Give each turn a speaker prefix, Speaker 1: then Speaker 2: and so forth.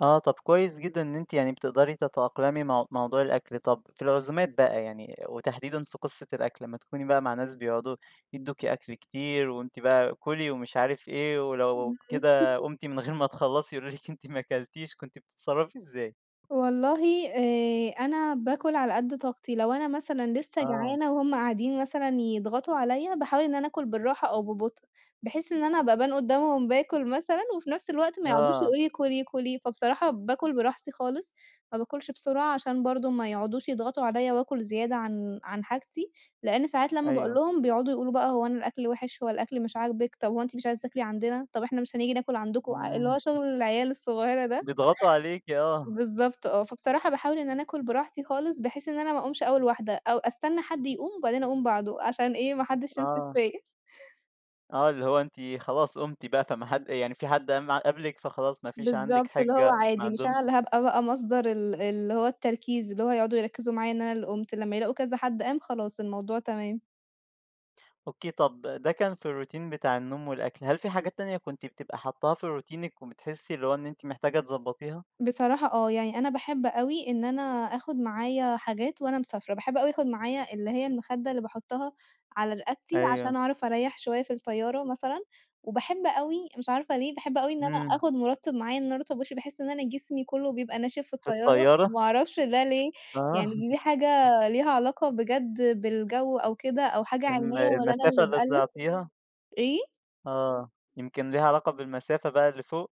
Speaker 1: آه، طَب كويس جدًا إن أنتِ يعني بتقدري تتأقلمي مع موضوع الأكل، طَب في العزومات بقى يعني وتحديدًا في قصة الأكل لمّا تكوني بقى مع ناس بيقعدوا يدوكِ أكل كتير وأنتِ بقى كُلي ومش عارف إيه ولو كده قُمتِ من غير ما تخلّصي يقول لِك أنتِ ما أكلتيش. كنتِ بتتصرّفي إزاي؟
Speaker 2: والله آآ، أنا باكُل على قد طاقتي، لو أنا مثلًا لسّه
Speaker 1: آه.
Speaker 2: جعانة وهُم قاعدين مثلًا يضغطوا عليّا باحاول إن أنا أكُل بالراحة أو ببطء، بحيث إن أنا أبقى أبان قدامهُم باكُل مثلًا وفنفس الوقت مايقعدوش
Speaker 1: آه.
Speaker 2: يقولوا لي كُلي، كُلي، فبصراحة باكُل براحتي خالص، ما باكُلش بسرعة عشان برضو ما يقعدوش يضغطوا عليّا وأكُل زيادة عن عن حاجتي، لأن ساعات لمّا بقول
Speaker 1: أيوه.
Speaker 2: لهُم بيقعدوا يقولوا بقى هو أنا الأكل وحش هو الأكل مش عاجبك طَب هو أنتِ مش عايزة تاكلي عندنا! طَب إحنا مش هنيجي ناكُل عندكم، اللي
Speaker 1: إمم.
Speaker 2: هو شغل العيال الصغيرة ده
Speaker 1: بيضغطوا عليكِ، آه.
Speaker 2: بالضبط آه، فبصراحة باحاول إن أنا أكُل براحتي خالص بحيث إن أنا ما أقومش أول واحدة أو أستنّى حد يقوم وبعدين أقوم بعده عشان إيه ما حدِّش يمسك
Speaker 1: آه.
Speaker 2: فيّا.
Speaker 1: آه، اللي هو أنتِ خلاص قُمتِ بقى فما حد يعني في حد مع قبل لِك، فخلاص ما فيش عندك
Speaker 2: بالضبط، اللي هو
Speaker 1: حجّة ما
Speaker 2: عادي، مش أنا
Speaker 1: عندهُمش
Speaker 2: اللي هابقى بقى مصدر ال اللي هو التركيز اللي هو يقعدوا يركّزوا معايا إن أنا اللي قُمت، لمّا يلاقوا كذا حد قام خلاص الموضوع تمام.
Speaker 1: أوكي، طَب ده كان في الروتين بتاع النوم والأكل هل في حاجات تانية كنتِ بتبقى حطّاها في روتينك وبتحسّي اللي هو إن أنتِ محتاجة تضبطيها؟
Speaker 2: بصراحة آه، يعني أنا باحب أوي إن أنا آخُد معايا حاجات وأنا مسافرة، باحب أوي آخُد معايا اللي هي المخدة اللي باحطها على رقبتي
Speaker 1: أيوه.
Speaker 2: عشان أعرف أريّح شوية في الطيارة مثلًا، وباحب أوي مش عارفة ليه، باحب أوي إن أنا
Speaker 1: إمم.
Speaker 2: آخُد مُرطِّب معايا إن أنا أرطّب وشي، باحس إن أنا جسمي كله بيبقى ناشف في
Speaker 1: في
Speaker 2: الطيارة،
Speaker 1: الطيارة؟
Speaker 2: ما أعرفش ده ليه
Speaker 1: آه.
Speaker 2: يعني دي حاجة ليها علاقة بجد بالجو أو كده أو حاجة
Speaker 1: الم
Speaker 2: علمية والّا أنا
Speaker 1: المسافة
Speaker 2: اللي
Speaker 1: اللي
Speaker 2: بألّف،
Speaker 1: طلعتيها؟
Speaker 2: إيه؟
Speaker 1: آه، يمكن ليها علاقة بالمسافة بقى اللي فوق.